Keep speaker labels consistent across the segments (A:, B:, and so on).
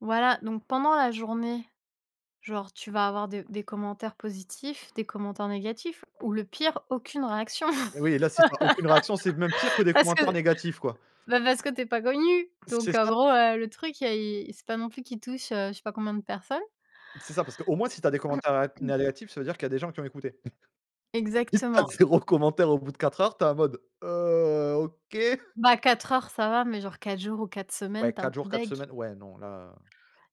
A: Voilà, donc pendant la journée, genre tu vas avoir des des commentaires positifs, des commentaires négatifs ou le pire: aucune réaction.
B: Eh oui et là si tu as aucune réaction, c'est même pire que des
A: Parce
B: commentaires
A: que
B: négatifs quoi.
A: ben parce que tu es pas connu.
B: C'est
A: Donc en
B: ça.
A: gros, heu, le truc, heu, i c'est pas non plus qu'il touche, heu, je sais pas combien de personnes.
B: C'est ça, parce qu'au moins si tu as des commentaires ag négatifs, ça veut dire qu'il y des gens qui ont écouté. Si tu as
A: Exactement.
B: 0 commentaire au bout de 4 heures, tu es en mode: «Heu, OK!»
A: Bah 4 heures ça va, mais genre 4 jours ou 4
B: Ouais
A: semaines, tu es un
B: 4 jours
A: peu
B: 4
A: dégoutée.
B: semaines, ouais non là, heu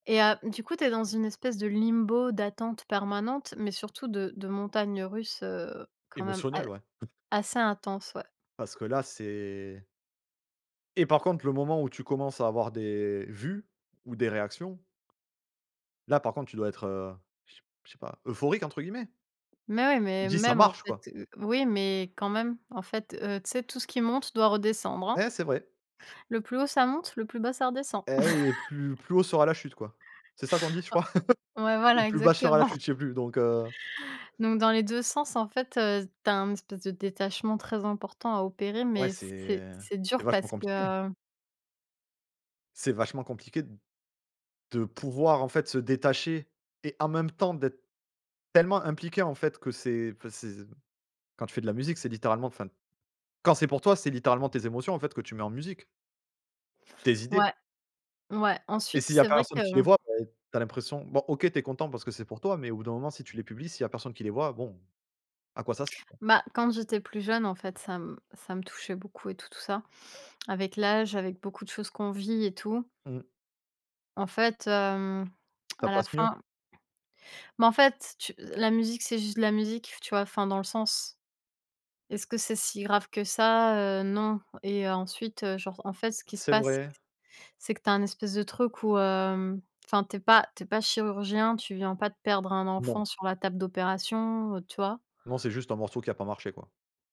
A: Et heu, du coup, tu es dans une espèce de limbo d'attente permanente, mais surtout de de montagnes russes, heu, quand même a
B: Émotionnel ouais.
A: assez intenses, ouais.
B: Parce que là c'est et par contre le moment où tu commences à avoir des vues ou des réactions, là par contre tu dois être, heu, je s je sais pas, «euphorique» entre guillemets?
A: Mais ouais,
B: Tu
A: mais
B: dis: «Ça
A: même, en
B: marche»,
A: fait,
B: quoi.
A: heu oui, mais quand même, en fait, heu, tu sais, tout ce qui monte doit redescendre, hein.
B: Ouais c'est vrai.
A: Le plus haut, ça monte, le plus bas, ça redescend.
B: Eh oui et plus plus haut sera la chute, quoi. C'est ça qu'on dit je crois?
A: Ah ouais,
B: Ou
A: voilà
B: plus bas sera la
A: exactement.
B: chute, je sais plus, donc heu
A: Donc dans les 2 sens, en fait, heu, tu as un espèce de détachement très important à opérer.
B: Ouais
A: Mais
B: c'est
A: c'est c'est
B: c'est
A: dur
B: vachement
A: parce
B: compliqué.
A: que
B: C'est vachement compliqué d de pouvoir en fait se détacher et en même temps d'être tellement impliqué, en fait, que c'est enfin c'est quand tu fais de la musique c'est littéralement enfin, quand c'est pour toi c'est littéralement tes émotions en fait que tu mets en musique tes idées
A: Ouais. Ouais.
B: et
A: Ensuite,
B: s'il y a
A: c'est vrai que
B: personne qui les voit, ben tu as l'impression bon OK tu es content parce que c'est pour toi, mais au bout d'un moment si tu les publies, s'il y a personne qui les voit, bon à quoi ça s
A: Ben quand j'étais plus jeune, en fait, ça m ça me touchait beaucoup et tout, tout ça. Avec l'âge, avec beaucoup de choses qu'on vit et tout
B: Mmh.
A: en fait hem,
B: Ça
A: à la
B: passe mieux.
A: fin Mais en fait, tu la musique, c'est juste la musique, tu vois? Enfin dans le sens «est ce que c'est si grave que ça? Heu, non», et ensuite, heu, genre en fait, ce qui se
B: C'est
A: passe,
B: vrai.
A: c'est que tu as un espèce de truc où, hem enfin tu es pas tu es pas chirurgien, tu viens pas de perdre un
B: Non.
A: enfant sur la table d'opération, heu, tu vois?
B: Non, c'est juste un morceau qui a pas marché, quoi.